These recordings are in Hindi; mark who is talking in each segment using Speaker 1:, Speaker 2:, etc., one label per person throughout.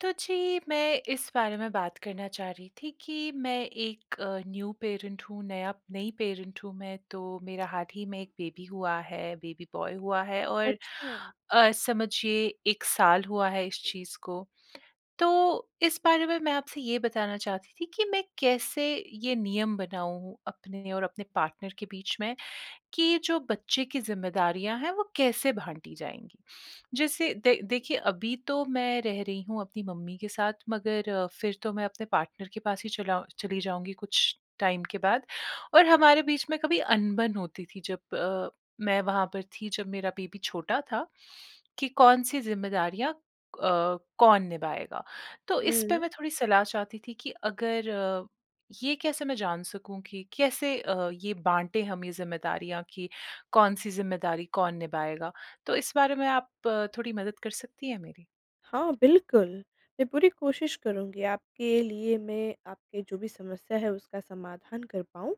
Speaker 1: तो जी मैं इस बारे में बात करना चाह रही थी कि मैं एक अ, न्यू पैरेंट हूँ नया नई पैरेंट हूँ मैं तो, मेरा हाल ही में एक बेबी हुआ है बेबी बॉय हुआ है और
Speaker 2: अच्छा।
Speaker 1: अ, समझिए 1 साल हुआ है इस चीज़ को। तो इस बारे में मैं आपसे ये बताना चाहती थी कि मैं कैसे ये नियम बनाऊँ अपने और अपने पार्टनर के बीच में कि जो बच्चे की ज़िम्मेदारियाँ हैं वो कैसे बाँटी जाएँगी? जिससे द देखिए अभी तो मैं रह रही हूँ अपनी मम्मी के साथ मगर फिर तो मैं अपने पार्टनर के पास ही चला चली जाऊँगी कुछ टाइम के बाद। और हमारे बीच में कभी अनबन होती थी जब अ, मैं वहाँ पर थी जब मेरा बेबी छोटा था कि कौन-सी ज़िम्मेदारियाँ अ, कौन निभाएगा। तो इसपे
Speaker 2: हुँ।
Speaker 1: मैं थोड़ी सलाह चाहती थी कि अगर अ, ये कैसे मैं जान सकूँ कि कैसे अ, ये बाँटे हम ये ज़िम्मेदारियाँ कि कौन-सी ज़िम्मेदारी कौन निभाएगा? तो इस बारे में आप थोड़ी मदद कर सकती हैं मेरी?
Speaker 2: हाँ, बिल्कुल। मैं पूरी कोशिश करुँगी आपके लिए मैं आपके जो भी समस्या है उसका समाधान कर पाऊँ।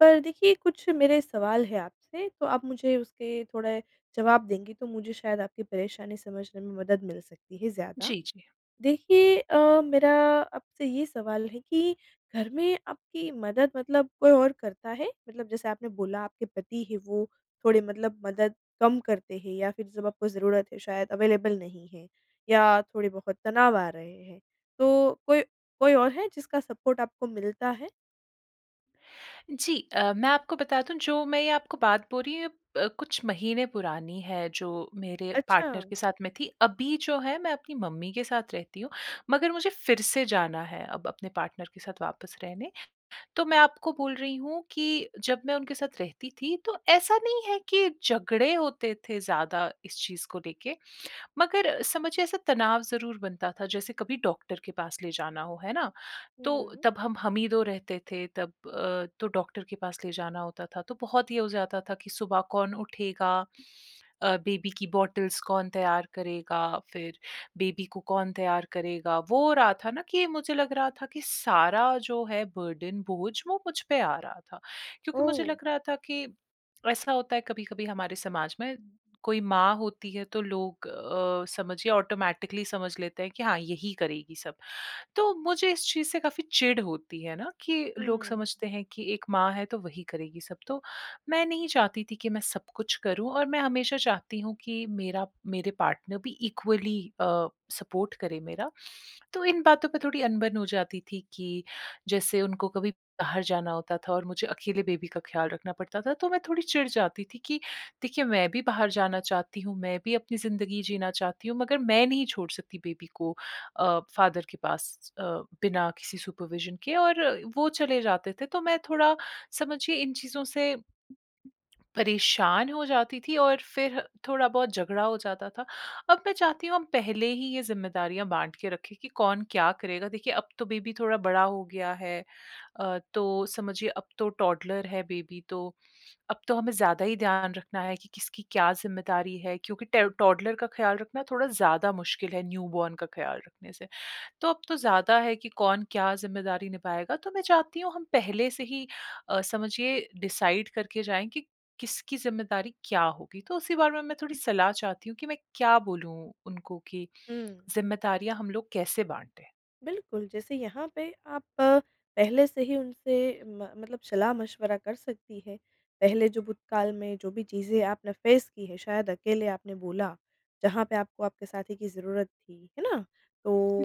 Speaker 2: पर देखिए कुछ मेरे सवाल है आपसे तो आप मुझे उसके थोड़े जवाब देंगी तो मुझे शायद आपकी परेशानी समझने में मदद मिल सकती है ज़्यादा।
Speaker 1: जी, जी।
Speaker 2: देखिए अ, मेरा आपसे ये सवाल है कि घर में आपकी मदद मतलब कोई और करता है? मतलब जैसे आपने बोला आपके पति है वो थोड़ी मतलब मदद कम करते हैं या फिर जब आपको ज़रूरत है शायद अवेलेबल नहीं है। या थोड़े-बहुत तनाव आ रहे हैं। तो कोई कोई और है जिसका सपोर्ट आपको मिलता है?
Speaker 1: जी। अ, मैं आपको बता दूँ जो मैं ये आपको बात बोल रही हूँ ये प कुछ महीने पुरानी है जो मेरे पार्टनर
Speaker 2: अच्छा।
Speaker 1: के साथ में थी। अभी जो है मैं अपनी मम्मी के साथ रहती हूँ। मगर मुझे फिर से जाना है अब अपने पार्टनर के साथ वापस रहने। तो मैं आपको बोल रही हूँ कि जब मैं उनके साथ रहती थी तो ऐसा नहीं है कि झगड़े होते थे ज़्यादा इस चीज़ को लेके, मगर समझिए ऐसा तनाव ज़रूर बनता था। जैसे कभी डॉक्टर के पास ले जाना हो, है ना? तो
Speaker 2: हुँ।
Speaker 1: तब हम, हम ही 2 रहते थे तब अ, तो डॉक्टर के पास ले जाना होता था तो बहुत ये हो जाता था कि सुबह कौन उठेगा? अ, बेबी की बॉटल्स कौन तैयार करेगा? फिर बेबी को कौन तैयार करेगा? वो हो रहा था ना कि मुझे लग रहा था कि सारा जो है बर्डन बोझ वो मुझ पे आ रहा था। क्योंकि मुझे
Speaker 2: ओह!
Speaker 1: लग रहा था कि ऐसा होता है कभी-कभी हमारे समाज में कोई माँ होती है तो लोग अ, समझिए ऑटोमैटिकली समझ लेते हैं कि हाँ, यही करेगी सब। तो मुझे इस चीज़ से काफ़ी चिड़ होती है ना कि लोग
Speaker 2: हुँ।
Speaker 1: समझते हैं कि एक माँ है तो वही करेगी सब। तो मैं नहीं चाहती थी कि मैं सब कुछ करूँ। और मैं हमेशा चाहती हूँ कि मेरा मेरे पार्टनर भी इक्वली अ, सपोर्ट करे मेरा। तो इन बातों पे थोड़ी अनबन हो जाती थी कि जैसे उनको कभी बाहर जाना होता था और मुझे अकेले बेबी का ख्याल रखना पड़ता था तो मैं थोड़ी चिढ़ जाती थी कि देखिए मैं भी बाहर जाना चाहती हूँ, मैं भी अपनी ज़िंदगी जीना चाहती हूँ मगर मैं नहीं छोड़ सकती बेबी को अ, फादर के पास अ, बिना किसी सुपरविज़न के और वो चले जाते थे तो मैं थोड़ा समझिए इन चीज़ों से परेशान हो जाती थी और फिर थोड़ा बहुत झगड़ा हो जाता था। अब मैं चाहती हूँ हम पहले ही ये जिम्मेदारियाँ बाँट के रखें कि कौन क्या करेगा? देखिए अब तो बेबी थोड़ा बड़ा हो गया है। अ, तो समझिए अब तो टौडलर है बेबी तो अब तो हमें ज़्यादा ही ध्यान रखना है कि किसकी क्या जिम्मेदारी है। क्योंकि ट टौडलर का ख्याल रखना थोड़ा ज़्यादा मुश्किल है न्यूबॉर्न का ख्याल रखने से। तो अब तो ज़्यादा है कि कौन क्या जिम्मेदारी निभाएगा। तो मैं चाहती हूँ हम पहले से ही अ, समझिए डिसाइड करके जाएँ कि किसकी जिम्मेदारी क्या होगी। तो उसी बारे में मैं थोड़ी सलाह चाहती हूँ कि मैं क्या बोलूँ उनको कि
Speaker 2: हुँ।
Speaker 1: जिम्मेदारियाँ हम लोग कैसे बाँटे?
Speaker 2: बिल्कुल, जैसे यहाँ पे आप पहले से ही उनसे म मतलब सलाह-मशवरा कर सकती हैं। पहले जो भूतकाल में जो भी चीज़ें आपने फ़ेस की हैं शायद अकेले आपने बोला, जहाँ पे आपको आपके साथी की ज़रूरत थी। है ना?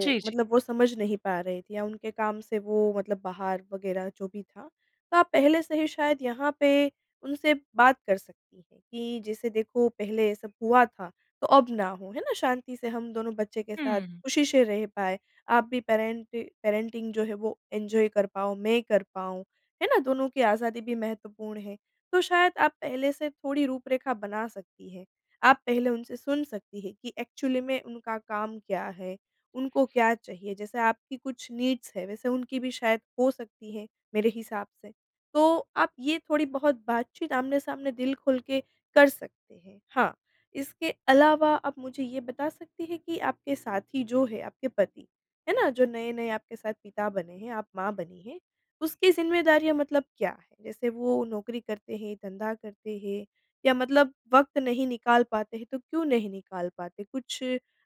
Speaker 1: जी, जी।
Speaker 2: मतलब वो समझ नहीं पा रहे थे या उनके काम से वो मतलब बाहर वग़ैरह जो भी था। तो आप पहले से ही शायद यहाँ पे उनसे बात कर सकती हैं कि, जैसे देखो पहले ये सब हुआ था तो अब ना हो। है ना? शांति से हम दोनों बच्चे के साथ
Speaker 1: हुँ।
Speaker 2: ख़ुशी से रह पाए, आप भी पैरेंटि पैरेंटिंग जो है वो एन्जॉय कर पाओ, मैं कर पाऊँ, है ना? दोनों की आज़ादी भी महत्वपूर्ण है, तो शायद आप पहले से थोड़ी रूपरेखा बना सकती हैं। आप पहले उनसे सुन सकती हैं कि एक्चुअली में उनका काम क्या है? उनको क्या चाहिए? जैसे आपकी कुछ नीड्स हैं, वैसे उनकी भी शायद हो सकती हैं, मेरे हिसाब से। तो आप ये थोड़ी-बहुत बातचीत आमने-सामने दिल खोल के कर सकते हैं। हाँ, इसके अलावा आप मुझे ये बता सकती हैं कि आपके साथी जो है, आपके पति है ना, जो नए-नए आपके साथ पिता बने हैं, आप माँ बनी हैं, उसकी ज़िम्मेदारियाँ मतलब क्या हैं? जैसे वो नौकरी करते हैं, धंधा करते हैं या मतलब वक़्त नहीं निकाल पाते हैं तो क्यों नहीं निकाल पाते? कुछ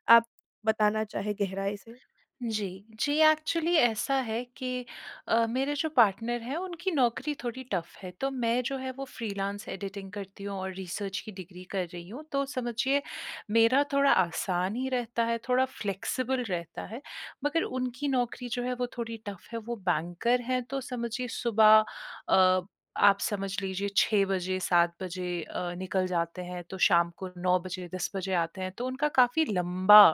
Speaker 2: आप बताना चाहें गहराई से?
Speaker 1: जी, जी एक्चुअली ऐसा है कि अ, मेरे जो पार्टनर हैं उनकी नौकरी थोड़ी टफ़ है। तो मैं जो है वो फ़्रीलांस एडिटिंग करती हूँ और रिसर्च की डिग्री कर रही हूँ तो समझिए, मेरा थोड़ा आसान ही रहता है, थोड़ा फ़्लेक्सिबल रहता है। मगर उनकी नौकरी जो है, वो थोड़ी टफ़ है, वो बैंकर हैं तो समझिए, सुबह अ, आप समझ लीजिए 6 बजे, 7 बजे अ, निकल जाते हैं, तो शाम को 9 बजे, 10 बजे आते हैं। तो उनका काफ़ी लंबा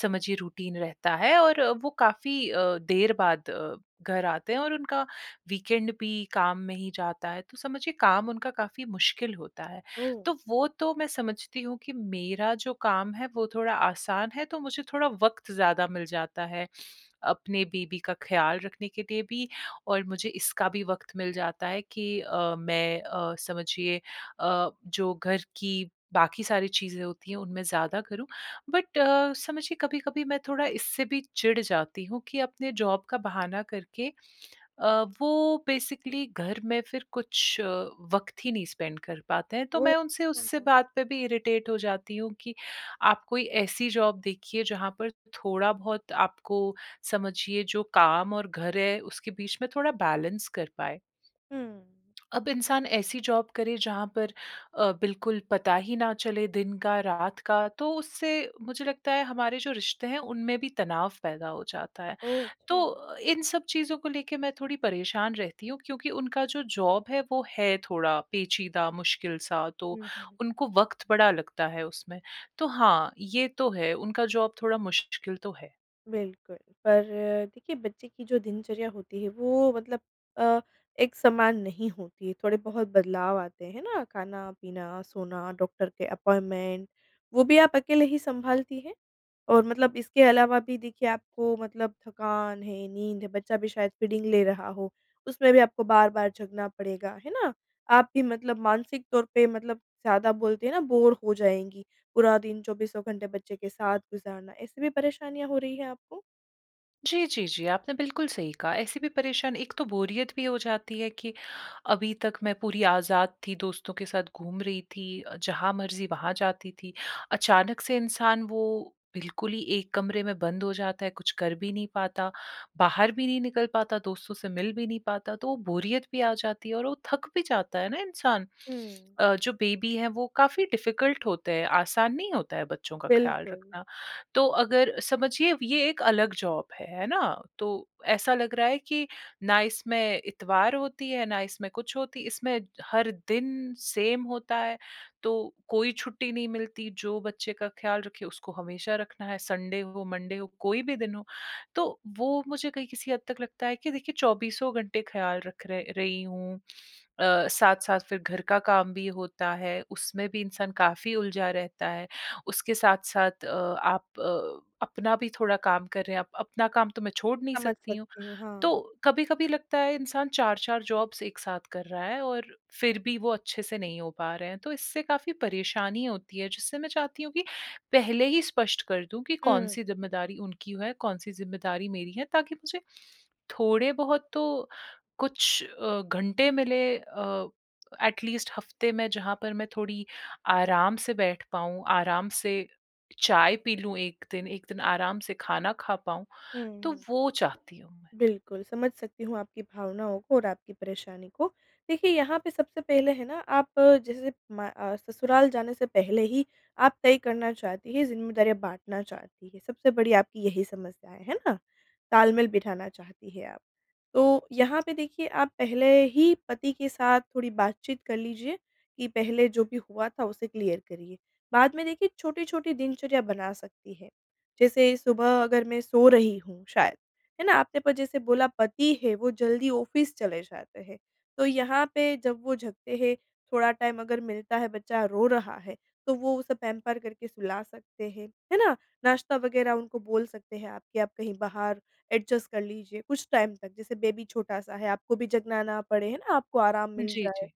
Speaker 1: समझिए रूटीन रहता है और वो काफ़ी अ, देर बाद अ, घर आते हैं और उनका वीकेंड भी काम में ही जाता है। तो समझिए काम उनका काफ़ी मुश्किल होता है।
Speaker 2: ओह!
Speaker 1: तो वो तो मैं समझती हूँ कि मेरा जो काम है, वो थोड़ा आसान है तो मुझे थोड़ा वक़्त ज़्यादा मिल जाता है। अपने बेबी का ख़्याल रखने के लिए भी और मुझे इसका भी वक़्त मिल जाता है कि अ, मैं अ, समझिए अ, जो घर की बाकी सारी चीज़ें होती हैं उनमें ज़्यादा करूँ। बट अ, समझिए कभी-कभी मैं थोड़ा इससे भी चिढ़ जाती हूँ कि अपने जॉब का बहाना करके अ, वो बेसिकली घर में फ़िर कुछ वक़्त ही नहीं स्पेंड कर पाते हैं। तो
Speaker 2: ओह!
Speaker 1: मैं उनसे उससे
Speaker 2: हाँ।
Speaker 1: बात पे भी इरिटेट हो जाती हूँ कि आप कोई ऐसी जॉब देखिए जहाँ पर थोड़ा बहुत आपको समझिए जो काम और घर है उसके बीच में थोड़ा बैलेंस कर पाएँ।
Speaker 2: हुँ।
Speaker 1: अब इंसान ऐसी जॉब करे जहाँ पर अ, बिल्कुल पता ही ना चले दिन का, रात का तो उससे मुझे लगता है हमारे जो रिश्ते हैं, उनमें भी तनाव पैदा हो जाता है।
Speaker 2: ओह! अच्छा।
Speaker 1: तो इन सब चीज़ों को लेके मैं थोड़ी परेशान रहती हूँ, क्योंकि उनका जो जॉब है, वो है थोड़ा पेचीदा, मुश्किल-सा तो
Speaker 2: हुँ, हुँ।
Speaker 1: उनको वक़्त बड़ा लगता है उसमें। तो हाँ, ये तो है उनका जॉब थोड़ा मुश्किल तो है।
Speaker 2: बिल्कुल, पर देखिए बच्चे की जो दिनचर्या होती है, वो मतलब अ, एक समान नहीं होती। थोड़े-बहुत बदलाव आते हैं ना? खाना-पीना, सोना, डॉक्टर के अपॉइंटमेंट, वो भी आप अकेले ही संभालती हैं? और मतलब इसके अलावा भी देखिए आपको मतलब थकान है, नींद है, बच्चा भी शायद फ़ीडिंग ले रहा हो। उसमें भी आपको बार-बार जगना पड़ेगा, है ना? आप भी मतलब मानसिक तौर पे मतलब ज़्यादा ज़्यादा बोलते है ना, बोरे हो जाएँगी। पूरा दिन चौबीसों घंटे बच्चे के साथ गुज़ारना, ऐसी भी परेशानियाँ हो रही है आपको?
Speaker 1: जी, जी, जी। आपने बिल्कुल सही कहा। ऐसी भी परेशान एक तो बोरियत भी हो जाती है कि अभी तक मैं पूरी आज़ाद थी, दोस्तों के साथ घूम रही थी, अ, जहाँ मर्ज़ी वहाँ जाती थी। अचानक से इंसान वो बिल्कुल ही एक कमरे में बंद हो जाता है, कुछ कर भी नहीं पाता, बाहर भी नहीं निकल पाता, दोस्तों से मिल भी नहीं पाता, तो वो बोरियत भी आ जाती है और वो थक भी जाता है ना इंसान।
Speaker 2: हुँ।
Speaker 1: अ, जो बेबी है वो काफ़ी डिफ़िकल्ट होते हैं, आसान नहीं होता है बच्चों का ख़्याल
Speaker 2: बिल्कुल।
Speaker 1: रखना। तो अगर समझिए ये एक अलग जॉब है, है ना? तो ऐसा लग रहा है कि ना इसमें इतवार होती है, ना इसमें कुछ होती इसमें हर दिन सेम होता है, तो कोई छुट्टी नहीं मिलती। जो बच्चे का ख़्याल रखे, उसको हमेशा रखना है, संडे हो, मंडे हो, कोई भी दिन हो। तो वो मुझे कहीं किसी हद तक लगता है कि देखिए चौबीसों घंटे ख़्याल रख र रही हूँ। अ, साथ-साथ फ़िर घर का काम भी होता है, उसमें भी इंसान काफ़ी उलझा रहता है। उसके साथ-साथ अ, आप अ, अपना भी थोड़ा काम कर रहे हैं। अप अपना काम तो मैं छोड़ नहीं
Speaker 2: समझ
Speaker 1: सकती हूँ।
Speaker 2: सकती हूँ।
Speaker 1: तो
Speaker 2: हाँ।
Speaker 1: कभी-कभी लगता है इंसान 4-4 जॉब्स एक साथ कर रहा है और फ़िर भी वो अच्छे से नहीं हो पा रहे हैं, तो इससे काफ़ी परेशानी होती है, जिससे मैं चाहती हूँ कि पहले ही स्पष्ट कर दूँ कि
Speaker 2: हुँ।
Speaker 1: कौन-सी ज़िम्मेदारी उनकी है, कौन-सी ज़िम्मेदारी मेरी है, ताकि मुझे थोड़े-बहुत तो कुछ अ, घंटे मिले अ, एैट लीस्ट हफ़्ते में जहाँ पर मैं थोड़ी आराम से बैठ पाऊँ, आराम से चाय पी लूँ एक दिन, एक दिन आराम से खाना खा पाऊँ,
Speaker 2: हुँ,
Speaker 1: तो
Speaker 2: हुँ।
Speaker 1: वो चाहती हूँ।
Speaker 2: बिल्कुल समझ सकती हूँ आपकी भावनाओं को और आपकी परेशानी को। देखिए, यहाँ पे सबसे पहले है ना, आप जैसे म अ, ससुराल जाने से पहले ही आप तय करना चाहती हैं, ज़िम्मेदारियाँ बाँटना चाहती हैं। सबसे बड़ी आपकी यही समस्या, है ना? तालमेल बिठाना चाहती हैं आप। तो यहाँ पे देखिए, आप पहले ही पति के साथ थोड़ी बातचीत कर लीजिए कि पहले जो भी हुआ था उसे क्लियर करिए। बाद में देखिए, छोटी-छोटी दिनचर्या बना सकती हैं। जैसे सुबह अगर मैं सो रही हूँ शायद। है ना? आपने जैसे बोला पति है, वो जल्दी ऑफ़िस चले जाते हैं। तो यहाँ पे जब वो जगते हैं, थोड़ा टाइम अगर मिलता है, बच्चा रो रहा है, तो वो उसे पैंपर करके सुला सकते हैं। है ना? नाश्ता वग़ैरह उनको बोल सकते हैं आप कि आप कहीं बाहर एडजस्ट कर लीजिए कुछ टाइम तक, जैसे बेबी छोटा-सा है आपको भी जगना ना पड़े, है ना? आपको आराम मिल
Speaker 1: जी,
Speaker 2: जाए।
Speaker 1: जी।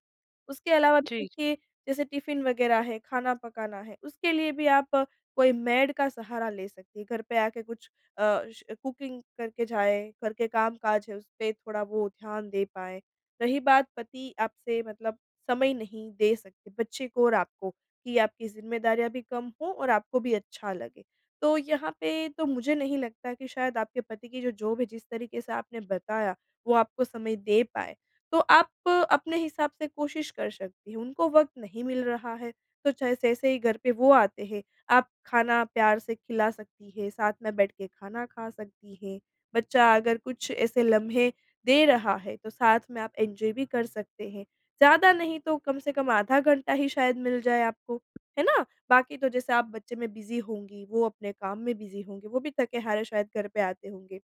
Speaker 2: उसके अलावा
Speaker 1: जी।
Speaker 2: देखिए, जैसे टिफ़िन वग़ैरह है, खाना पकाना है, उसके लिए भी आप कोई मेड का सहारा ले सकती हैं। घर पे आके कुछ अ, श कुकिंग करके जाएँ। घर के काम-काज है, उसपे थोड़ा वो ध्यान दे पाएँ। रही बात पति आपसे मतलब समय नहीं दे सकते बच्चे को और आपको, कि आपकी ज़िम्मेदारियाँ भी कम हों और आपको भी अच्छा लगे, तो यहाँ पे तो मुझे नहीं लगता कि शायद आपके पति की जो जॉब है जिस तरीके से आपने बताया, वो आपको समय दे पाएँ। तो आप अपने हिसाब से कोशिश कर सकती हैं। उनको वक़्त नहीं मिल रहा है, तो चाहे जैसे ही घर पे वो आते हैं, आप खाना प्यार से खिला सकती हैं, साथ में बैठ के खाना खा सकती हैं। बच्चा अगर कुछ ऐसे लम्हे दे रहा है, तो साथ में आप एन्जॉय भी कर सकते हैं। ज़्यादा नहीं तो कम से कम आधा घंटा ही शायद मिल जाए आपको, है ना? बाकी तो जैसे आप बच्चे में बिज़ी होंगी, वो अपने काम में बिज़ी होंगे। वो भी थके-हारे शायद घर पर आते होंगे,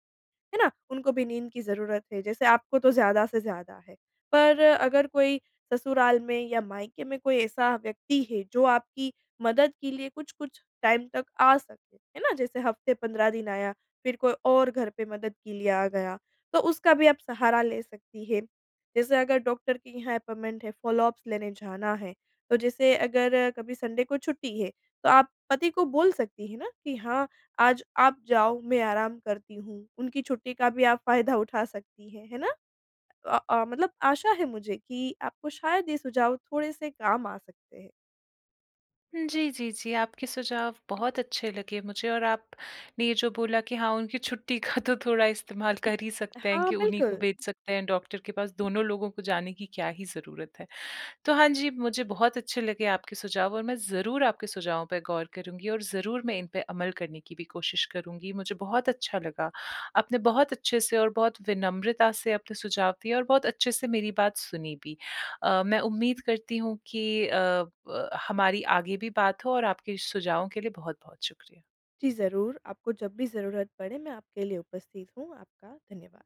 Speaker 2: है ना? उनको भी नींद की ज़रूरत है, जैसे आपको, तो ज़्यादा से ज़्यादा है। पर अगर कोई ससुराल में या मायके में कोई ऐसा व्यक्ति है जो आपकी मदद के लिए कुछ-कुछ टाइम तक आ सके, है ना? जैसे हफ़्ते 15 दिन आया, फ़िर कोई और घर पर मदद के लिए आ गया, तो उसका भी आप सहारा ले सकती हैं। जैसे अगर डॉक्टर के यहाँ अपॉइंटमेंट है, फ़ॉलोअप्स लेने जाना है, तो जैसे अगर कभी संडे को छुट्टी है, तो आप पति को बोल सकती हैं ना, कि हाँ आज आप जाओ, मैं आराम करती हूँ। उनकी छुट्टी का भी आप फ़ायदा उठा सकती हैं, है ना? अ अ, मतलब आशा है मुझे कि आपको शायद ये सुझाव थोड़े-से काम आ सकते हैं।
Speaker 1: हुँ। जी, जी, जी। आपके सुझाव बहुत अच्छे लगे मुझे और आपने ये जो बोला कि हाँ उनकी छुट्टी का तो थोड़ा इस्तेमाल कर ही सकते हैं
Speaker 2: हाँ,
Speaker 1: कि उन्हीं को
Speaker 2: बिल्कुल।
Speaker 1: भेज सकते हैं डॉक्टर के पास। दोनों लोगों को जाने की क्या ही ज़रूरत है। तो हाँ, जी मुझे बहुत अच्छे लगे आपके सुझाव और मैं ज़रूर आपके सुझावों पे गौर करूँगी और ज़रूर मैं इन पर अमल करने की भी कोशिश करूँगी। मुझे बहुत अच्छा लगा। आपने बहुत अच्छे से और बहुत विनम्रता से अपने सुझाव दिए और बहुत अच्छे से मेरी बात सुनी भी। अ, मैं उम्मीद करती हूँ कि अ ब हमारी आगे भी बात हो और आपके सुझावों के लिए बहुत-बहुत शुक्रिया।
Speaker 2: जी। ज़रूर आपको जब भी ज़रूरत पड़े मैं आपके लिए उपस्थित हूँ। आपका धन्यवाद।